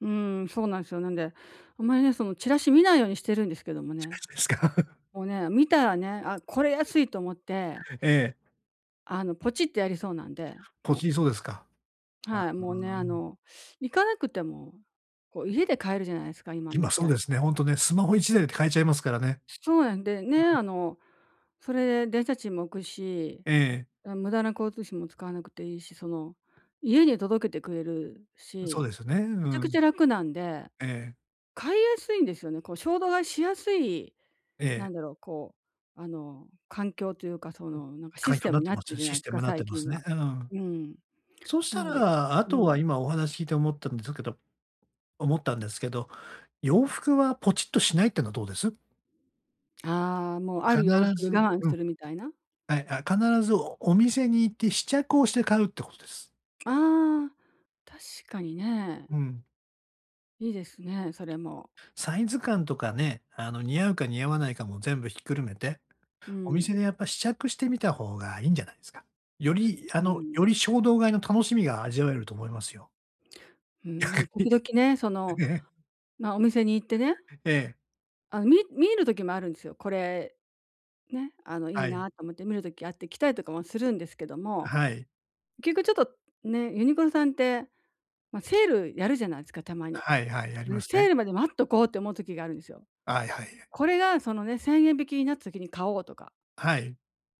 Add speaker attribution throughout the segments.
Speaker 1: うーん、そうなんすよ。なんで、あんまりね、そのチラシ見ないようにしてるんですけども
Speaker 2: 近
Speaker 1: ね。
Speaker 2: づくですか？
Speaker 1: もうね、見たらね、あ、これ安いと思って
Speaker 2: ええ。
Speaker 1: あの、ポチってやりそうなんで、
Speaker 2: ポ
Speaker 1: も
Speaker 2: チ
Speaker 1: う。
Speaker 2: りそうですか。あ、う
Speaker 1: はい、もうね、あ
Speaker 2: ーん。
Speaker 1: の、行かなくても、こう家で買えるじゃないすか、今の
Speaker 2: 今
Speaker 1: 時
Speaker 2: そう
Speaker 1: 代
Speaker 2: で
Speaker 1: って。
Speaker 2: すね。ほんとね、スマホ1台で買えちゃいますからね。
Speaker 1: そうやん、で、ね、
Speaker 2: なん
Speaker 1: あの、それで電車賃も浮くし、
Speaker 2: ええ。
Speaker 1: だ、無駄な交通費も使わなくていいし、その、家に届けてくれる
Speaker 2: そう
Speaker 1: し、
Speaker 2: ですよね。う
Speaker 1: めちゃく
Speaker 2: ん。
Speaker 1: ちゃ楽なんで。
Speaker 2: ええ。
Speaker 1: 買いやすいんですよね、こう衝動買いしやすい
Speaker 2: え
Speaker 1: な
Speaker 2: え。
Speaker 1: んだろう、こう、あの、環境というか、その、なんかシ
Speaker 2: 環
Speaker 1: ス
Speaker 2: 境
Speaker 1: テ
Speaker 2: な
Speaker 1: ム
Speaker 2: っ
Speaker 1: に
Speaker 2: て
Speaker 1: なっ
Speaker 2: ま
Speaker 1: て
Speaker 2: す
Speaker 1: る
Speaker 2: よ。
Speaker 1: じゃ
Speaker 2: シ
Speaker 1: ない
Speaker 2: ス
Speaker 1: す
Speaker 2: テ
Speaker 1: か、
Speaker 2: ムなっ
Speaker 1: 最
Speaker 2: てま
Speaker 1: 近
Speaker 2: す
Speaker 1: は。
Speaker 2: ね。ううん。
Speaker 1: うん。
Speaker 2: そし
Speaker 1: な
Speaker 2: た
Speaker 1: ので
Speaker 2: ら、あ
Speaker 1: う
Speaker 2: とは
Speaker 1: ん。
Speaker 2: 今お話聞いて思ったんだけど思ったんですけど、洋服はポチッとしないっていうのはどうです？
Speaker 1: ああ、もう、あ
Speaker 2: 必
Speaker 1: る洋服に
Speaker 2: ず
Speaker 1: 我慢
Speaker 2: うん。
Speaker 1: するみたいな？
Speaker 2: はい、あ、必ずお店に行って試着をして買うってことです。
Speaker 1: ああ、確かにね。
Speaker 2: うん。
Speaker 1: いいですね、それも。
Speaker 2: サイズ感とかね、あの、似合うか似合わないかも全部ひっくるめて、
Speaker 1: う
Speaker 2: お店
Speaker 1: ん。
Speaker 2: でやっぱ試着してみた方がいいんじゃないすか？より、あ
Speaker 1: う
Speaker 2: の、よ
Speaker 1: ん。
Speaker 2: り衝動買いの楽しみが味わえると思いますよ。
Speaker 1: うん、ね
Speaker 2: 逆
Speaker 1: も時
Speaker 2: に、
Speaker 1: 々ね、その、
Speaker 2: ね。
Speaker 1: ま、お店に行ってね。
Speaker 2: ええ。
Speaker 1: あ、み見る時もあるんですよ。これ、ね、あの、いい
Speaker 2: はい。
Speaker 1: なと思って、見る時あって、着たりとかもするんですけど
Speaker 2: あ、
Speaker 1: も、
Speaker 2: はい。
Speaker 1: けっこちょっと、ね、ユニクロさんって、ま、セールやるじゃないすか、たまに。
Speaker 2: はいはい、やりま
Speaker 1: ぬ、
Speaker 2: す
Speaker 1: セ
Speaker 2: ね。
Speaker 1: ールまで待っとこうって思う時があるんですよ。
Speaker 2: はいはい。
Speaker 1: これがそのね、1000円引きになった時に買おうとか。
Speaker 2: はい。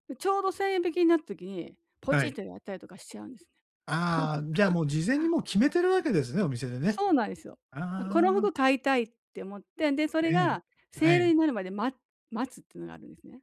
Speaker 1: で、ちょうど1000円引きになった時に、ポ
Speaker 2: は
Speaker 1: チッ
Speaker 2: い。
Speaker 1: とやったりとかしちゃうんですね。
Speaker 2: ああ、じゃあ、もう事前にもう決めてるわけですね、お店でね。
Speaker 1: そうないすよ。あ、こ
Speaker 2: あ
Speaker 1: の
Speaker 2: あ。
Speaker 1: 服買いたいって思って、で、そ
Speaker 2: え
Speaker 1: れ
Speaker 2: え、
Speaker 1: が
Speaker 2: え
Speaker 1: セー
Speaker 2: え。
Speaker 1: ルになるまで、待待つってのがあるんですね。